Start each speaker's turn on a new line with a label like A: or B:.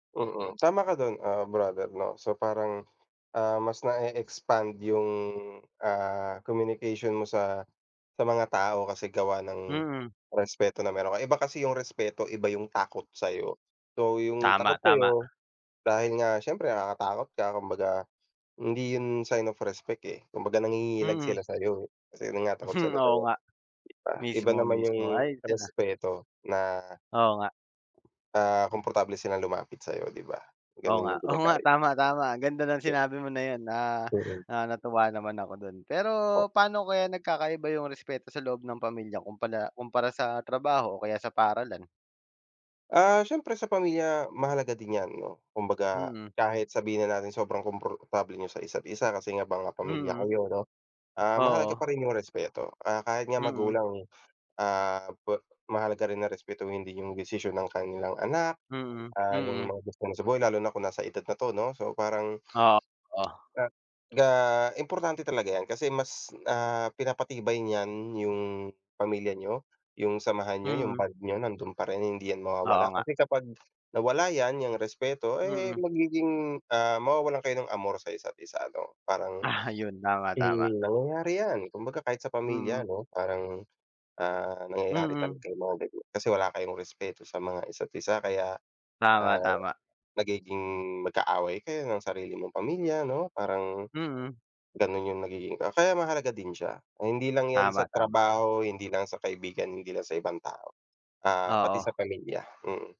A: Mm, tama ka do'n, ah, brother 'no so parang, ah, mas na e-expand yung, ah, communication mo sa, sa mga tao kasi gawa ng,
B: Mm
A: respeto na mayro'n ka iba kasi yung respeto iba yung takot sa'yo. So yung takot
B: Tama, tama.
A: sayo, dahil nga siyempre nakakatakot ka kumbaga hindi 'yon sign of respect, eh, kumbaga nangingilag
B: Mm.
A: sila sayo, eh, kasi 'yun nga takot
B: Hmm,
A: sila
B: oo
A: sayo,
B: nga,
A: 'di ba? Iba naman yung
B: mismo-mismo ayos yun, ah.
A: respeto na
B: Oo nga.
A: ah, komportable silang lumapit sa'yo di ba,
B: Oo
A: gano'n
B: nga,
A: yung
B: oo nga
A: pinagkaiba.
B: tama-tama ganda ng sinabi mo na yun, ah,
A: Mm
B: natuwa naman ako do'n. Pero, paano kaya nagkakaiba yung respeto sa loob ng pamilya kumpala kumpara sa trabaho o kaya sa paaralan?
A: Ah, siyempre sa pamilya mahalaga din yan 'no kumbaga
B: Mm.
A: kahit sabihin na natin sobrang komportable niyo sa isa't isa kasi nga mga pamilya
B: Mm.
A: kayo 'no, ah, mahalaga
B: Oo.
A: pa rin yung respeto. Ah, kahit nga
B: Mm.
A: magulang, ah, pwe mahalaga rin na respetuhin din yung desisyon ng kanilang anak,
B: Mm,
A: ah, yung
B: Mm
A: mga gusto niya sa buhay lalo na kung nasa edad na 'to 'no so parang
B: Oo. O
A: [unintelligible] ga importante talaga yan kasi mas, ah, pinapatibay niyan yung pamilya niyo, yung samahan niyo yung
B: Mm.
A: bond niyo nando'n pa rin hindi yan
B: Oo
A: mawawala
B: nga.
A: kasi kapag nawala yan yung respeto, eh,
B: Mm.
A: magiging ah, mawawalan kayo ng amor sa isa't isa 'no parang
B: Ah, 'yun
A: Eh,
B: tama-tama.
A: nangyayari yan, kumbaga kahit sa pamilya
B: Mm.
A: 'no parang, ah, nangyayari
B: Mm.
A: talaga yong mga ganiyan kasi wala kayong respeto sa mga isa't isa kaya, ah,
B: Tama-tama.
A: nagiging magkaaway kayo ng sarili mong pamilya 'no, parang
B: Mm.
A: gano'n yung nagiging ah, kaya mahalaga din siya. Hindi lang yan sa
B: Tama-tama.
A: trabaho, hindi lang sa kaibigan hindi lang sa ibang tao, ah, pati sa
B: Oo.
A: pamilya, mm.